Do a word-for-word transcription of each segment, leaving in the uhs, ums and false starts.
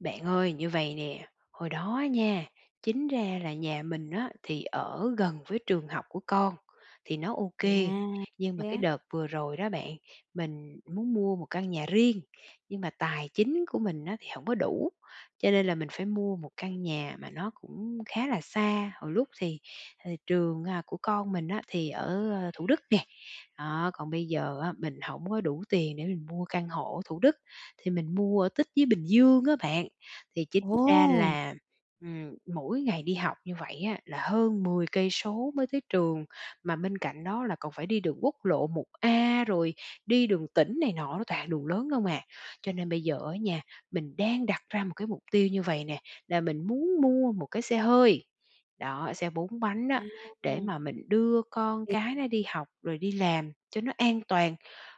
Bạn ơi, như vầy nè, hồi đó á nha, chính ra là nhà mình á thì ở gần với trường học của con, thì nó ô À, kê. Nhưng mà thế cái á? đợt vừa rồi đó bạn, mình muốn mua một căn nhà riêng, nhưng mà tài chính của mình á thì hổng có đủ, cho nên là mình phải mua một căn nhà mà nó cũng khá là xa. Hồi lúc thì, à, trường, à, của con mình á thì ở, a, Thủ Đức nè, đó, còn bây giờ á mình hổng có đủ tiền để mình mua căn hộ ở Thủ Đức, thì mình mua ở tít dưới Bình Dương á bạn. Thì chính ra Ồ. là, ừm, mỗi ngày đi học như vậy á là hơn mười cây số mới tới trường, mà bên cạnh đó là còn phải đi đường quốc lộ 1A, rồi đi đường tỉnh này nọ nó toàn đường lớn không à. Cho nên bây giờ á nhà, mình đang đặt ra một cái mục tiêu như vầy nè, là mình muốn mua một cái xe hơi, đó, xe bốn bánh á, để À. mà mình đưa con Thì cái nó đi học rồi đi làm cho nó an toàn.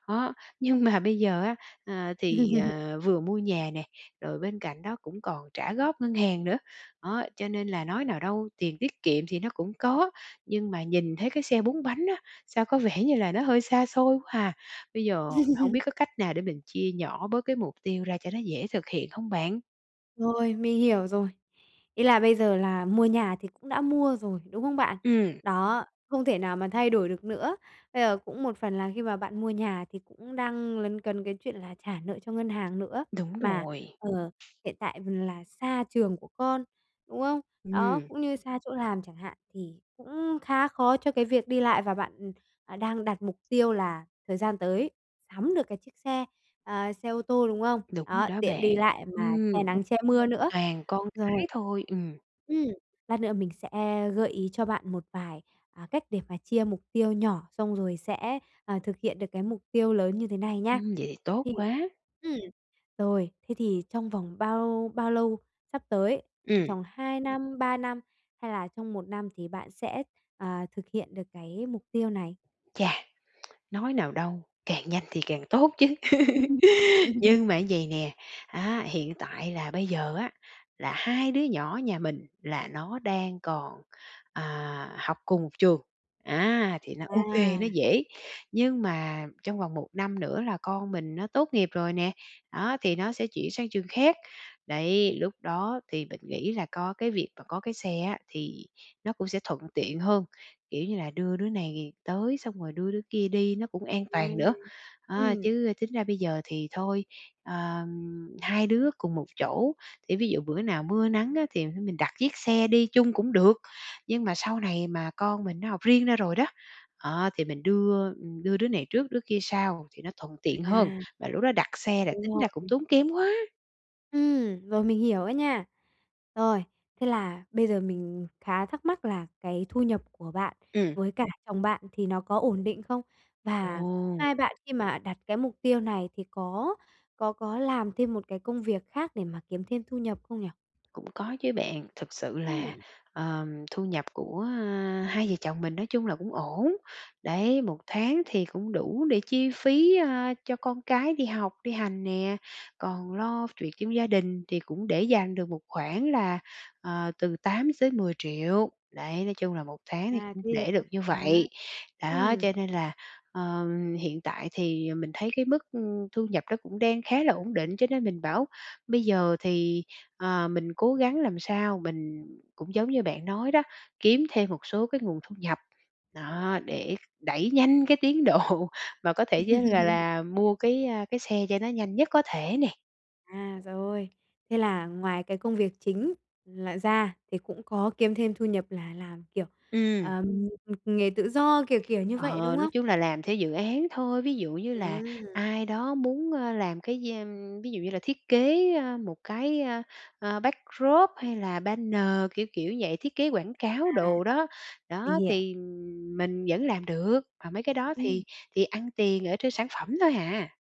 Đó, nhưng mà bây giờ á, à, thì, ờ, vừa mua nhà nè rồi bên cạnh đó cũng còn trả góp ngân hàng nữa. Đó, cho nên là nói nào đâu tiền tiết kiệm thì nó cũng có, nhưng mà nhìn thấy cái xe bốn bánh á, sao có vẻ như là nó hơi xa xôi quá à. Bây giờ hông biết có cách nào để mình chia nhỏ bớt cái mục tiêu ra cho nó dễ thực hiện không bạn? Rồi, mình hiểu rồi. Ý là bây giờ là mua nhà thì cũng đã mua rồi, đúng không bạn? Ừm. Đó, không thể nào mà thay đổi được nữa. Bây giờ cũng một phần là khi mà bạn mua nhà thì cũng đang lấn cấn cái chuyện là trả nợ cho ngân hàng nữa. Đúng Mà, rồi. ờ, hiện tại là xa trường của con, đúng không? Đó, Ừm. cũng như xa chỗ làm chẳng hạn, thì cũng khá khó cho cái việc đi lại và bạn, à, đang đặt mục tiêu là thời gian tới sắm được cái chiếc xe, à, xe ô tô, đúng không? Đúng Đó, đó tiện bạn. đi lại mà Ừm, che [unintelligible] nắng che mưa nữa. toàn con cái Rồi, thôi, ừm. ừm, lát nữa mình sẽ gợi ý cho bạn một vài, à, cách để mà chia mục tiêu nhỏ, xong rồi sẽ, à, thực hiện được cái mục tiêu lớn như thế này nha. Ừm, vậy thì tốt Thì quá. ừm, rồi, thế thì trong vòng bao bao lâu sắp tới, ờ, Ừm. tròng hai năm, ba năm hay là trong một năm thì bạn sẽ, à, thực hiện được cái mục tiêu này? Chà, nói nào đâu, càng nhanh thì càng tốt chứ. Ừm, ừm. Ừm. Nhưng mà vậy nè á, hiện tại là bây giờ, á là hai đứa nhỏ nhà mình là nó đang còn, à, học cùng trường, á thì nó ô kê, nó À. dễ, nhưng mà trong vòng một năm nữa là con mình nó tốt nghiệp rồi nè, đó, thì nó sẽ chuyển sang trường khác. Đấy, lúc đó thì mình nghĩ là có cái việc mà có cái xe á, thì nó cũng sẽ thuận tiện hơn, kiểu như là, đưa đứa này tới xong rồi đưa đứa kia đi nó cũng an toàn Rồi, nữa. À, ừm. chứ tính ra bây giờ thì thôi, ờ, hai đứa cùng một chỗ thì ví dụ bữa nào mưa nắng á thì thôi mình đặt chiếc xe đi chung cũng được, nhưng mà sau này mà con mình nó học riêng ra rồi đó, ờ, thì mình đưa, ừm, đưa đứa này trước đứa kia sau thì nó thuận À, tiện hơn, và lúc đó đặt xe là đúng tính ra cũng rồi. tốn kém quá. Ừm, rồi mình hiểu á nha. Rồi, thế là bây giờ mình khá thắc mắc là cái thu nhập của bạn Ừm. với cả chồng bạn thì nó có ổn định không? Và Ồ! hai bạn khi mà đặt cái mục tiêu này thì có có có làm thêm một cái công việc khác để mà kiếm thêm thu nhập không nhỉ? Cũng có chứ bạn, thực sự là, Ừm. ờ, thu nhập của hai vợ chồng mình nói chung là cũng ổn. Đấy, một tháng thì cũng đủ để chi phí, ơ, cho con cái đi học, đi hành nè, còn lo chuyệt trong gia đình, thì cũng để dành được một khoản là, ờ, từ tám tới mười triệu. Đấy, nói chung là một tháng thì À, cũng thế thì để tốt được như vậy. quá. Đó, cho Ừm. nên là, ờ, hiện tại thì mình thấy cái mức, ưm, thu nhập nó cũng đang khá là ổn định, cho nên mình bảo bây giờ thì, ờ, mình cố gắng làm sao mình cũng giống như bạn nói đó, kiếm thêm một số cái nguồn thu nhập. Đó, để đẩy nhanh cái tiến độ mà có thể vớ là là mua cái, a, cái xe cho nó nhanh nhất có thể nè. À, rồi. Thế là ngoài cái công việc chính là ra thì cũng có kiếm thêm thu nhập là làm, kiểu, Ừm. ờm, ừm, nghề tự do, kiểu kiểu như vậy, Ờ, đúng nói không? chung là làm theo dự án thôi. Ví dụ như là Ừm. ai đó muốn, ơ, làm cái [unintelligible] ví dụ như là thiết kế, a, một cái, a, à, backdrop hay là banner, kiểu kiểu vậy, thiết kế quảng cáo À. đồ đó. Mình Đó, hiểu. thì mình vẫn làm được, mà mấy cái đó thì Ừm. thì ăn tiền ở trên sản phẩm thôi à.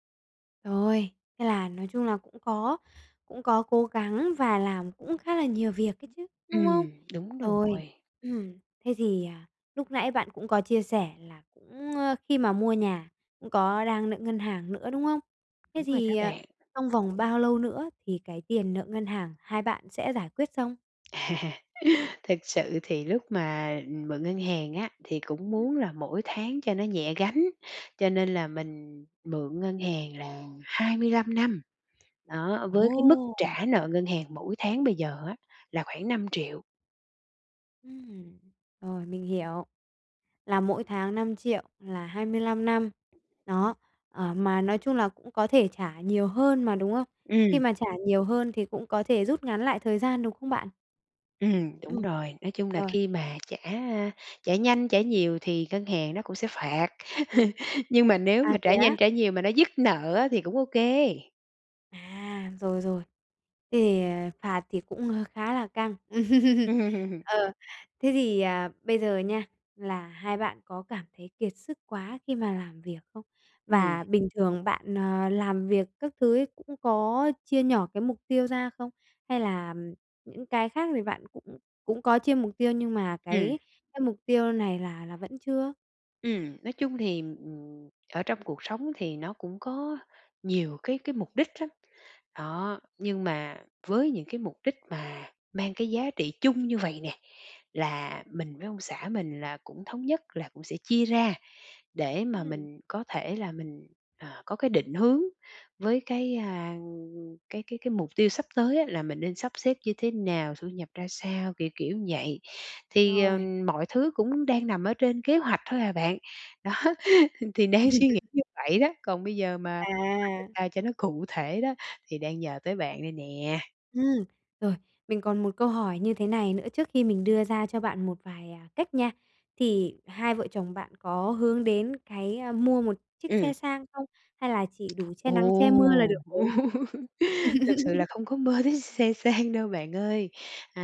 Rồi, thế là nói chung là cũng có cũng có cố gắng và làm cũng khá là nhiều việc ấy chứ, đúng không? Ừm, đúng Rồi, rồi. ừm, thế thì, à, lúc nãy bạn cũng có chia sẻ là cũng, ơ khi mà mua nhà cũng có đang nợ ngân hàng nữa, đúng không? Thế Đúng rồi đó thì, ờ, bạn. trong vòng bao lâu nữa thì cái tiền nợ ngân hàng hai bạn sẽ giải quyết xong? À. Thực sự thì lúc mà, ừm, mượn ngân hàng á thì cũng Ừm. muốn là mỗi tháng cho nó nhẹ gánh, cho nên là mình mượn ngân hàng là hai mươi lăm năm, đó, với cái mức Ồ! trả nợ ngân hàng mỗi tháng bây giờ á là khoảng năm triệu. Ừm, rồi, mình hiểu, là mỗi tháng năm triệu, là hai mươi lăm năm. Đó, ờ, mà nói chung là cũng có thể trả nhiều hơn mà, đúng không? Khi Ừm. mà trả nhiều hơn thì cũng có thể rút ngắn lại thời gian, đúng không bạn? Ừm, đúng Ừm, rồi, nói chung là rồi. khi mà trả, a, trả nhanh, trả nhiều thì ngân hàng nó cũng sẽ phạt. Nhưng mà nếu mà À, thế trả á? nhanh, trả nhiều mà nó dứt nợ á thì cũng ô kê. À, rồi, rồi, thì, ờ, phạt thì cũng, ơ, khá là căng. Ờ, thế thì, à, bây giờ nha là hai bạn có cảm thấy kiệt sức quá khi mà làm việc không? Ừm. Và bình thường bạn, ờ, làm việc các thứ ấy cũng có chia nhỏ cái mục tiêu ra không? Hay làm những cái khác thì bạn cũng cũng có chia mục tiêu nhưng mà Ừm. cái cái mục tiêu này là là vẫn chưa? Ừm, nói chung thì, ừm, ừm, ở trong cuộc sống thì nó cũng có nhiều cái cái mục đích lắm. Đó, nhưng mà với những cái mục đích mà mang cái giá trị chung như vầy nè, là mình với ông xã mình là cũng thống nhất là cũng sẽ chia ra, để mà Ừm. mình có thể là mình, à, có cái định hướng với cái, a, ưm, ưm, cái cái cái mục tiêu sắp tới á là mình nên sắp xếp như thế nào? Thu nhập ra sao? Kiểu kiểu ừn vậy. Thì, ờ, Rồi. mọi thứ cũng đang nằm ở trên kế hoạch thôi à bạn, đó thì đang suy nghĩ như vậy đó, còn bây giờ mà À! [unintelligible] cho nó cụ thể đó thì đang nhờ tới bạn đây nè. Ừm, rồi, mình còn một câu hỏi như thế này nữa trước khi mình đưa ra cho bạn một vài, à, cách nha. Thì hai vợ chồng bạn có hướng đến cái, a, mua một chiếc Ừm. xe sang không? Hay là chỉ đủ che nắng che mưa là Ồ! được rồi? Thực sự là không có mơ đến xe sang đâu bạn ơi.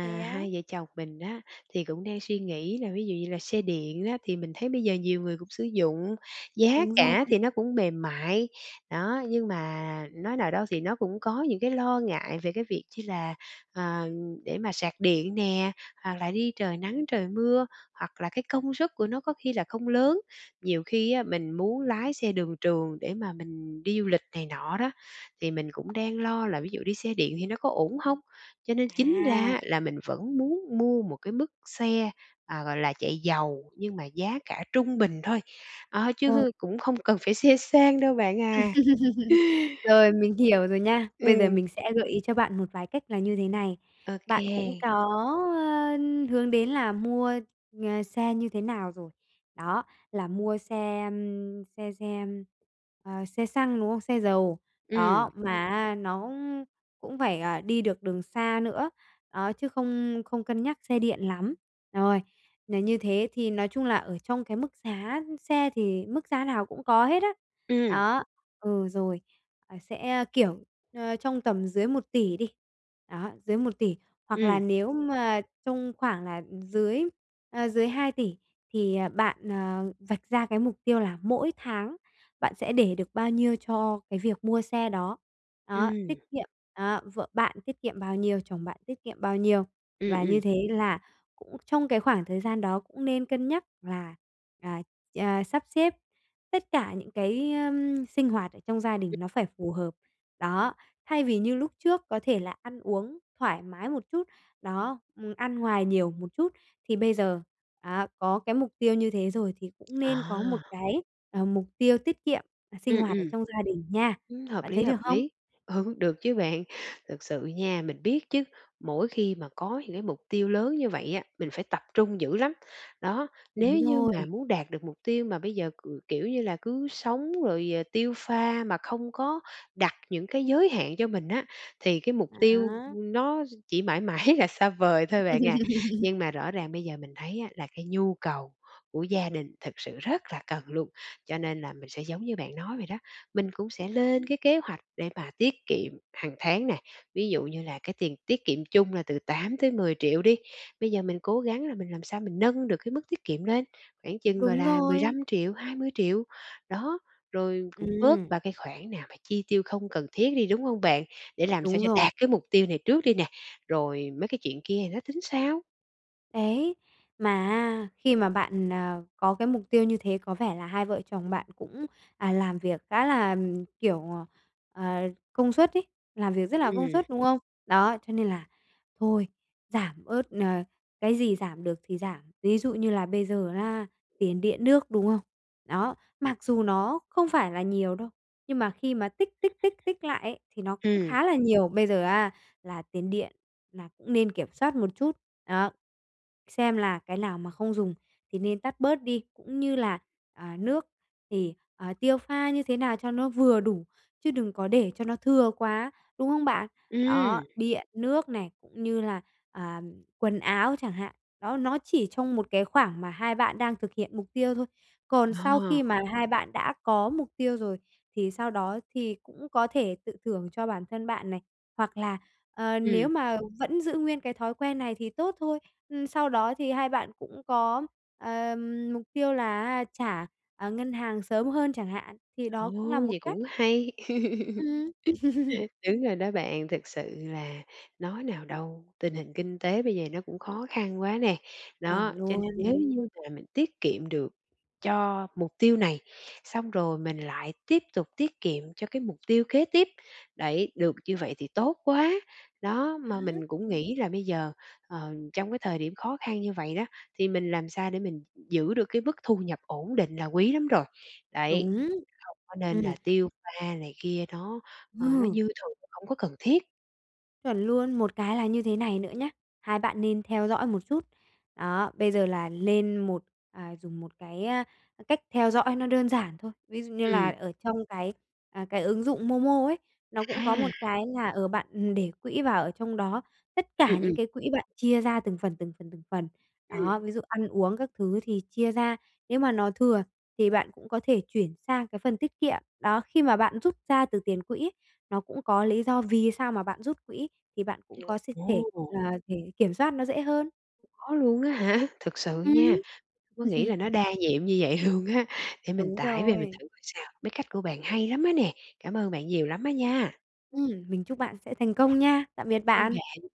Thế á? hai vợ chồng mình á thì cũng đang suy nghĩ là ví dụ như là xe điện á thì mình thấy bây giờ nhiều người cũng sử dụng, giá Đúng rồi. cả thì nó cũng mềm mại, đó. Nhưng mà nói nào đâu thì nó cũng có những cái lo ngại về cái việc chi là, ờ, để mà sạc điện nè, hoặc là đi trời nắng, trời mưa hoặc là cái công xuất của nó có khi là không lớn. Nhiều khi á mình muốn lái xe đường trường để mà mình đi du lịch này nọ đó, thì mình cũng đang lo là ví dụ đi xe điện thì nó có ổn hông? Cho nên chính ra À! á là mình vẫn muốn mua một cái mức xe, à, gọi là, chạy dầu nhưng mà giá cả trung bình thôi, á, Rồi. chứ cũng không cần phải xe sang đâu bạn à. Rồi, mình hiểu rồi nha, bây giờ Ừm. mình sẽ gợi ý cho bạn một vài cách là như thế này. Ô Bạn cũng kê. có, ơ, hướng đến là mua, à, xe như thế nào rồi. Đó, là mua xe, ưm, xe xe, ưm, ờ, xe xăng, đúng không? Xe dầu, đó, Ừm. mà á nó cũng cũng phải, à, đi được đường xa nữa, đó, chứ không không cân nhắc xe điện lắm. Rồi, nà như thế thì nói chung là ở trong cái mức giá xe thì mức giá nào cũng có hết á. Ừm. Đó, ừ, rồi, à, sẽ, kiểu, ơ, trong tầm dưới một tỷ đi, đó, dưới một tỷ, hoặc là Ừm. nếu mà trong khoảng là dưới, à, dưới hai tỷ thì, ờ, bạn, ờ, vạch ra cái mục tiêu là mỗi tháng bạn sẽ để được bao nhiêu cho cái việc mua xe đó. Đó, tiết Ừm. kiệm, đó, vợ bạn tiết kiệm bao nhiêu, chồng bạn tiết kiệm bao nhiêu. Ừm, Và ừm. như thế là cũng trong cái khoảng thời gian đó cũng nên cân nhắc là, à, ờ, sắp xếp tất cả những cái, ờm, sinh hoạt ở trong gia đình nó phải phù hợp. Đó, thay vì như lúc trước có thể là ăn uống thoải mái một chút, đó, ừm, ăn ngoài nhiều một chút thì bây giờ, à, có cái mục tiêu như thế rồi thì cũng nên có một À! cái, ờ, mục tiêu tiết kiệm là sinh Ừm, hoạt ở ừm. trong gia đình nha. Ừm, hợp Bạn lý, thấy hợp được không? lý. Ừ, được chứ bạn, thực sự nha, mình biết chứ, mỗi khi mà có những cái mục tiêu lớn như vậy á, mình phải tập trung dữ lắm. Đó, nếu Đúng như mà rồi. muốn đạt được mục tiêu mà bây giờ cừ kiểu như là, cứ sống rồi, ờ, tiêu pha mà không có đặt những cái giới hạn cho mình á thì cái mục tiêu, Đó. ưm, nó chỉ mãi mãi là xa vời thôi bạn à. Nhưng mà rõ ràng bây giờ mình thấy á là cái nhu cầu của gia đình thật sự rất là cần luôn, cho nên là mình sẽ giống như bạn nói vậy đó, mình cũng sẽ lên cái kế hoạch để mà tiết kiệm hằng tháng nè. Ví dụ như là cái tiền tiết kiệm chung là từ tám tới mười triệu đi, bây giờ mình cố gắng là mình làm sao mình nâng được cái mức tiết kiệm lên, khoảng chừng, gọi Đúng là, mười lăm rồi. triệu hai mươi triệu. Đó, rồi cũng bớt Ừm. ba cái khoản nào mà chi tiêu không cần thiết đi, đúng hông bạn? Để làm sao Đúng cho rồi. đạt cái mục tiêu này trước đi nè rồi mấy cái chuyện kia thì nó tính sau. Đấy, mà á, khi mà bạn, à, có cái mục tiêu như thế có vẻ là hai vợ chồng bạn cũng, à, làm việc khá là, kiểu, ờ, công suất ấy, làm việc rất là công Ừm. suất, đúng không? Đó, cho nên là thôi, giảm bớt, ờ cái gì giảm được thì giảm. Ví dụ như là bây giờ á, tiền điện nước, đúng không? Đó, mặc dù nó không phải là nhiều đâu, nhưng mà khi mà tích, tích, tích, tích lại ấy thì nó cũng Ừm. khá là nhiều. Bây giờ á là tiền điện nà cũng nên kiểm soát một chút, đó, xem là cái nào mà không dùng thì nên tắt bớt đi, cũng như là, à, nước thì, ờ, tiêu pha như thế nào cho nó vừa đủ, chứ đừng có để cho nó thừa quá, đúng không bạn? Đó, Ừm. điện, nước này, cũng như là, à, quần áo chẳng hạn. Đó, nó chỉ trong một cái khoảng mà hai bạn đang thực hiện mục tiêu thôi. Còn sau Ờ. khi mà hai bạn đã có mục tiêu rồi, thì sau đó thì cũng có thể tự thưởng cho bản thân bạn này. Hoặc là, ờ, Ừm. nếu mà vẫn giữ nguyên cái thói quen này thì tốt thôi, ưm, sau đó thì hai bạn cũng có, ờ, mục tiêu là á trả, à, ngân hàng sớm hơn chẳng hạn, thì Ồ, đó cũng là một vậy cách. cũng hay. Ừm. Đúng rồi đó bạn, thực sự là nói nào đâu, tình hình kinh tế bây giờ nó cũng khó khăn quá nè. Chuẩn Đó, cho nên nếu luôn. như mà mình tiết kiệm được cho mục tiêu này, xong rồi mình lại tiếp tục tiết kiệm cho cái mục tiêu kế tiếp, đấy, được như vậy thì tốt quá. Đó, Ờ. mà mình cũng nghĩ là bây giờ, ờm, trong cái thời điểm khó khăn như vậy đó thì mình làm sao để mình giữ được cái mức thu nhập ổn định là quý lắm rồi, đấy. Đúng, Không có nên ừm. là tiêu pha này kia nó, ờ, nó Ờ. dư thừa, hổng có cần thiết. Chuẩn luôn. Một cái là như thế này nữa nhá, hai bạn nên theo dõi một chút. Đó, bây giờ là lên một à, dùng một cái, a, cách theo dõi nó đơn giản thôi. Ví dụ như là Ừm. ở trong cái, à, cái ứng dụng MoMo ấy, nó cũng có một À. cái là, ờ, bạn để quỹ vào ở trong đó, tất cả Ừm, những ừm. cái quỹ bạn chia ra từng phần, từng phần, từng phần. Ừm. Đó, ví dụ ăn uống các thứ thì chia ra. Nếu mà nó thừa, thì bạn cũng có thể chuyển sang cái phần tiết kiệm. Đó, khi mà bạn rút ra từ tiền quỹ, nó cũng có lý do vì sao mà bạn rút quỹ thì bạn cũng [unintelligible] có s thể Ồ. là để kiểm soát nó dễ hơn. Có luôn á hả? Thực sự Ừm. nha có nghĩ là nó đa nhiệm như vậy luôn á để mình Đúng tải về mình rồi. thử coi sao. Mấy cách của bạn hay lắm á nè, cảm ơn bạn nhiều lắm á nha. Ừm, mình chúc bạn sẽ thành công nha. Tạm biệt Ơn bạn. bạn.